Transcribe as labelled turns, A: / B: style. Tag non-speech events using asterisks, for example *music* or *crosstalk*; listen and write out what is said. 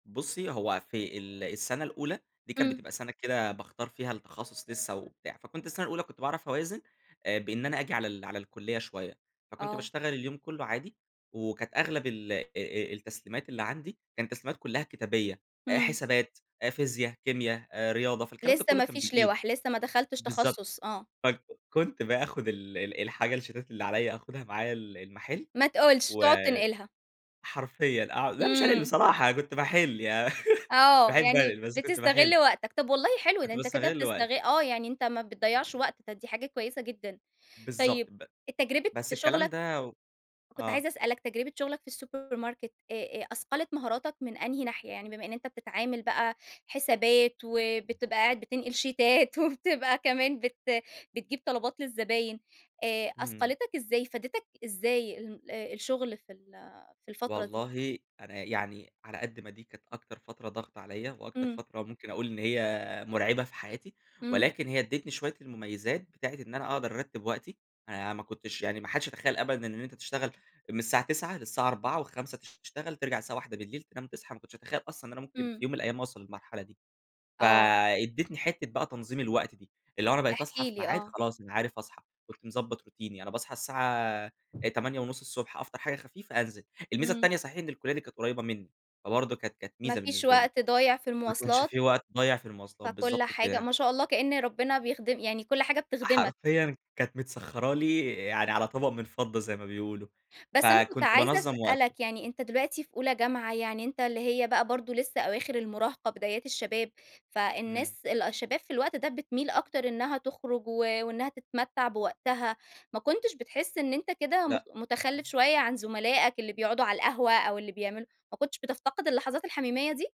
A: بُصي، هو في ال السنة الأولى دي كانت
B: إمم.
A: بتبقى سنة كده باختَار فيها التخصص لسه وبتاع، فكنت السنة الأولى باعرف أوازِن آآ، بإن أنا آجي على ال على الكلية شوية. فكنت
B: آه.
A: باشتغل اليوم كله عادي، وكانت أغلب ال أ أ التسليمَات اللي عندي، كان التسليمات كلها كتابية:
B: إمم.
A: حسابات، فيزيا، كيمياء، رياضة، فالكلام ده
B: لسه
A: كله
B: ما
A: كان
B: فيش
A: بالإيد.
B: لِوَح، لسه ما دخلتش
A: بالضبط،
B: تخصص آه.
A: ف ك كنت باخُد ال ال الحاجة، الشيتات اللي عليّا، أخُدها معايا ال المحل،
B: ما تقولش!
A: و
B: تقعد تنقلها.
A: حرفيًا أع لأ مش هانقُل
B: إمم.
A: بصراحة، أنا كنت باحِل. يع *laughs*
B: آه،
A: باحب
B: يعني
A: أنقُل، بس كنت باحل.
B: بتستغل وقتك. طب والله حلو، ده
A: كنت
B: أنتَ كده
A: باستغل وقتي.
B: بتستغ آه، يعني أنتَ ما بتضيّعش وقت، طب دي حاجة كويسة جدًا. طيب
A: بالضبط، ب
B: التجربة
A: بس
B: في
A: الكلام
B: شغلك
A: ده و
B: كنت
A: آه.
B: عايزة اسألك تجربة شغلك في السوبر ماركت، آآ، أثقلت مهاراتك من أنهي ناحية؟ يعني بما إن أنتَ بتتعامل بقى حسابات، وبتبقى قاعد بتنقل شيتات، وبتبقى كمان بت بتجيب طلبات للزباين آآ،
A: إمم.
B: أثقَلِتك إزاي؟ افادتك إزاي ال الشغل في ال في الفترة دي؟
A: والله أنا يعني، على قد ما دي كانت أكتر فترة ضاغطة عليَّ، وأكتر
B: إمم.
A: فترة ممكن أقول إن هي مُرعبة في حياتي،
B: إمم.
A: ولكن هي ادّتني شوية المميِّزات بتاعة إن أنا أقدر أرتّب وقتي. أنا ما كنتش يعني ما حدش يتخيَّل أبدًا إن أنت تشتغَل من الساعة 09:00 للساعة 16:00 و17:00 تشتغَل، ترجع الساعة 01:00 تنام، تصحى. ما كنتش أتخيّل أصلًا إن أنا ممكن في
B: إمم.
A: يوم من الأيام أوصل للمرحلة دي.
B: آه.
A: فأدّتني حتة بقى تنظيم الوقت دي، اللي هو أنا بقيت
B: احكِ
A: أصحى في
B: لي،
A: ميعاد
B: آه.
A: خلاص، أنا عارف أصحى. كنت مضبّط روتيني: أنا باصحى الساعة 8:00 ص أفطَر حاجة خفيفة، أنزِل. الميزة
B: إمم.
A: التانية صحيح إن الكلية دي كانت قريبة مني، فبرضه كانت كانت
B: ما
A: ميزة
B: فيش
A: بالنسبة لي.
B: وقت ضايع في
A: ما كانش
B: المواصلات
A: في وقت ضايع في المواصلات،
B: فكل
A: بالضبط
B: حاجة
A: كده.
B: ما شاء الله، كإن ربنا بيخدم يعني كل حاجة بتخدمك.
A: حرفيًا كانت متسخّرة لي يعني على طبق من فضة زي ما بيقولوا،
B: بس أنا كنت
A: فكنت
B: عايزة
A: بانظّم وقتي.
B: أسألك، يعني أنتَ دلوقتي في أولى جامعة، يعني أنتَ اللي هي بقى برضه لسه أواخر المراهَقة بدايات الشباب،
A: إمم.
B: فالناس ال الشَّباب في الوقت ده بتمِيل أكتر إنها تخرُج و وإنها تتمتَّع بوقتها. ما كنتش بتحِس إن أنتَ كده مخ
A: لأ.
B: مُتخلّف شوية عن زملائك اللي بيقعُدوا على القهوَة أو اللي بيعملوا ما كنتش بتفتقِد اللحظات الحميميَّة دي؟